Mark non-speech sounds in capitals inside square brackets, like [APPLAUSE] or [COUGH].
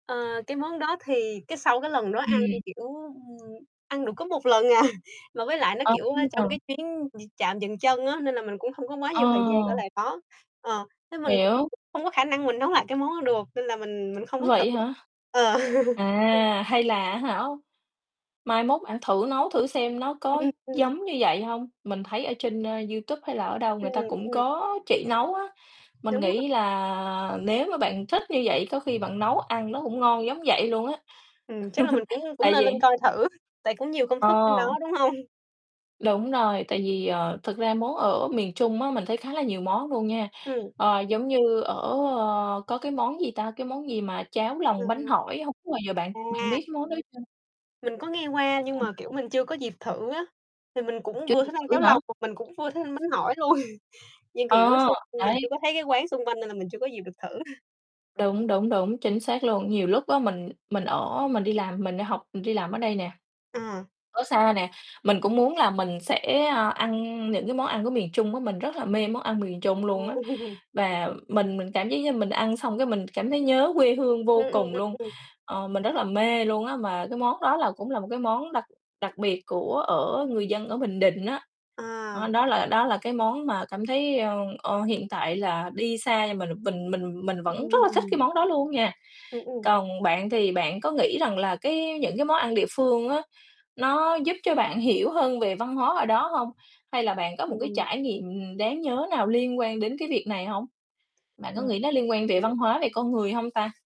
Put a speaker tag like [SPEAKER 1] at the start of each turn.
[SPEAKER 1] Ờ, cái món đó thì cái sau cái lần đó ăn,
[SPEAKER 2] Ừm.
[SPEAKER 1] kiểu, ừm, ăn được có một lần à, [CHUCKLES] mà với lại nó, kiểu, a, trong
[SPEAKER 2] À!
[SPEAKER 1] cái chuyến d trạm dừng chân á, nên là mình cũng hông có quá
[SPEAKER 2] Ờ.
[SPEAKER 1] nhiều thời gian ở lại đó. Ờ, thế mình cũng
[SPEAKER 2] Hiểu.
[SPEAKER 1] không có khả năng mình nấu lại cái món đó được, nên là mình mình không có thử
[SPEAKER 2] Vậy hả?
[SPEAKER 1] Ờ.. [LAUGHS]
[SPEAKER 2] À, hay là, á hả, mai mốt bạn thử nấu thử xem nó có
[SPEAKER 1] Ừm, ừm.
[SPEAKER 2] giống như vậy hông. Mình thấy ở trên, ờ, YouTube hay là ở đâu người
[SPEAKER 1] Ừm,
[SPEAKER 2] ta cũng
[SPEAKER 1] ừm.
[SPEAKER 2] có chỉ nấu á. Mình
[SPEAKER 1] Đúng rồi.
[SPEAKER 2] nghĩ là nếu mà bạn thích như vậy có khi bạn nấu ăn nó cũng ngon giống vậy luôn á, [CHUCKLES]
[SPEAKER 1] Ừm, chắc là mình cũng cũng
[SPEAKER 2] tại
[SPEAKER 1] nên lên
[SPEAKER 2] vì
[SPEAKER 1] coi thử, tại cũng nhiều công thức trên
[SPEAKER 2] Ờ.
[SPEAKER 1] đó, đúng hông?
[SPEAKER 2] Đúng rồi, tại vì, ờ, thật ra món ở miền Trung á mình thấy khá là nhiều món luôn nha,
[SPEAKER 1] Ừm.
[SPEAKER 2] ờ, giống như ở, a có cái món gì ta, cái món gì mà cháo lòng bánh
[SPEAKER 1] Ừm.
[SPEAKER 2] hỏi, hổng bao giờ bạn bạn
[SPEAKER 1] À.
[SPEAKER 2] biết cái món đó chưa?
[SPEAKER 1] Mình có nghe qua, nhưng mà, kiểu, mình chưa có dịp thử á, thì mình cũng
[SPEAKER 2] Chưa
[SPEAKER 1] vừa
[SPEAKER 2] dịp
[SPEAKER 1] thích ăn
[SPEAKER 2] thử
[SPEAKER 1] cháo
[SPEAKER 2] hả?
[SPEAKER 1] lòng mà mình cũng vừa thích ăn bánh hỏi luôn, [CHUCKLES] như kiểu,
[SPEAKER 2] Ờ,
[SPEAKER 1] xung mình
[SPEAKER 2] đấy.
[SPEAKER 1] chưa có thấy cái quán xung quanh này là mình chưa có dịp được thử. [CHUCKLES]
[SPEAKER 2] Đúng, đúng, đúng, chính xác luôn. Nhiều lúc á mình mình ở mình đi làm, mình đi học, mình đi làm ở đây nè,
[SPEAKER 1] Ờ.
[SPEAKER 2] ở xa nè, mình cũng muốn là mình sẽ, ờ, ăn những cái món ăn của miền Trung á, mình rất là mê món ăn miền Trung luôn
[SPEAKER 1] Ồ.
[SPEAKER 2] á.
[SPEAKER 1] [LAUGHS]
[SPEAKER 2] Và mình mình cảm giác như mình ăn xong cái mình cảm thấy nhớ quê hương
[SPEAKER 1] Ừm,
[SPEAKER 2] vô
[SPEAKER 1] ừm,
[SPEAKER 2] cùng
[SPEAKER 1] ừm,
[SPEAKER 2] luôn,
[SPEAKER 1] ừm.
[SPEAKER 2] ờ, mình rất là mê luôn á mà cái món đó là cũng là một cái món đặc đặc biệt của ở người dân ở Bình Định á. Đó,
[SPEAKER 1] À.
[SPEAKER 2] đó là đó là cái món mà cảm thấy, ờ, ờ, hiện tại là đi xa nhưng m mình mình mình vẫn rất là thích
[SPEAKER 1] Ừm.
[SPEAKER 2] cái món đó luôn nha.
[SPEAKER 1] Ừm, ừm.
[SPEAKER 2] Còn bạn thì bạn có nghĩ rằng là cái những cái món ăn địa phương á, nó giúp cho bạn hiểu hơn về văn hóa ở đó hông? Hay là bạn có một cái
[SPEAKER 1] Ừm.
[SPEAKER 2] trải nghiệm đáng nhớ nào liên quan đến cái việc này hông? Bạn có
[SPEAKER 1] Ừm,
[SPEAKER 2] nghĩ nó liên quan về
[SPEAKER 1] ừm.
[SPEAKER 2] văn hóa, về con người hông ta?